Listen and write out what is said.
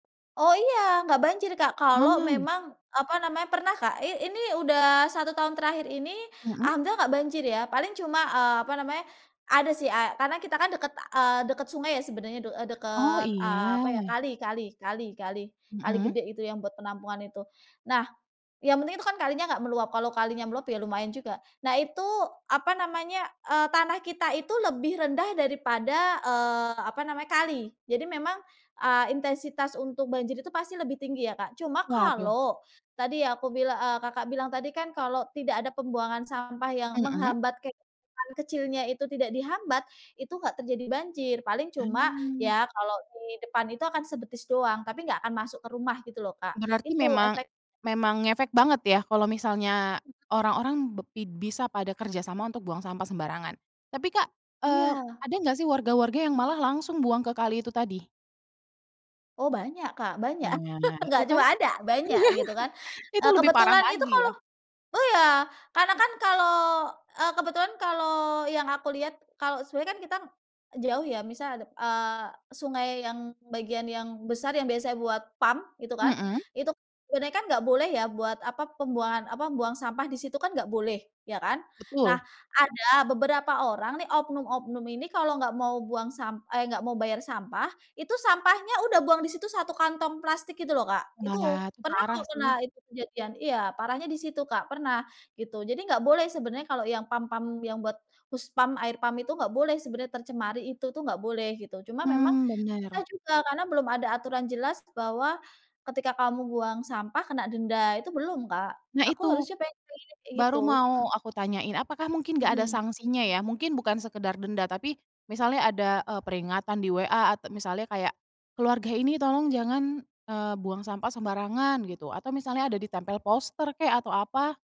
Oh iya enggak banjir, Kak, kalau Oh. memang apa namanya, pernah, Kak, i ini udah 1 tahun terakhir ini Hmm. alhamdulillah enggak banjir ya. Paling cuma, eee, apa namanya, ada sih a karena kita kan deket, eee, deket sungai sebenarnya de eee, Oh deket, iya. eee, apa ya, kali kali kali kali kali Mmm. gede itu yang buat penampungan itu. Nah, yang penting itu kan kalinya nggak meluap, kalau kalinya meluap ya lumayan juga. Nah itu apa namanya, eee, tanah kita itu lebih rendah daripada, eee, apa namanya kali. Jadi memang, eee, intensitas untuk banjir itu pasti lebih tinggi ya, Kak. Cuma Waduh. kalau tadi ya aku bilang eee, Kakak bilang tadi kan kalau tidak ada pembuangan sampah yang Mmm. menghambat kayak bangunan kecilnya itu tidak dihambat, itu nggak terjadi banjir paling cuma Mmm. ya kalau di depan itu akan sebetis doang tapi enggak akan masuk ke rumah gitu loh, Kak, Berarti itu memang efek memang ngefek banget ya kalau misalnya orang-orang bep bi bisa pada kerja sama untuk buang sampah sembarangan. Tapi, Kak, eee, Iya. ada gak sih warga-warga yang malah langsung buang ke kali itu tadi? Oh banyak, Kak, banyak, Nah, itu enggak kan cuma ada, banyak gitu kan. iya itu Eee, lebih parah kebetulan itu lagi kalau ya. oh ya karena kan kalau eee, kebetulan kalau yang aku lihat kalau sebenarnya kan kita jauh ya misal ada, eee, sungai yang bagian yang besar yang biasanya buat PAM itu kan Mmm. itu kan sebenernya gak boleh ya buat apa, pembuangan apa, buang sampah di situ kan gak boleh, ya kan. Nah, Betul. ada beberapa orang nih oknum-oknum ini kalau nggak mau buang sam eh nggak mau bayar sampah, itu sampahnya udah buang di situ 1 kantong plastik gitu loh, Kak. Itu Wah, itu pernah parah kok, pernah sih. itu kejadian. Iya parahnya di situ, Kak, pernah gitu jadi nggak boleh sebenarnya kalau yang PAM PAM yang buat hus PAM, air PAM itu nggak boleh sebenarnya tercemari itu tuh nggak boleh gitu, cuma memang Mmm, pernah bener. juga karena belum ada aturan jelas bahwa, ketika kamu buang sampah kena denda itu belum, Kak, Nah aku itu, harusnya pengen kayak baru gitu. mau aku tanyain apakah mungkin gak ada Hmm. sangsinya ya? Mungkin bukan sekedar denda tapi misalnya ada, eee, peringatan di WA at misalnya kayak, "Keluarga ini tolong jangan, eee, buang sampah sembarangan," gitu atau misalnya ada ditempel poster kek atau apa?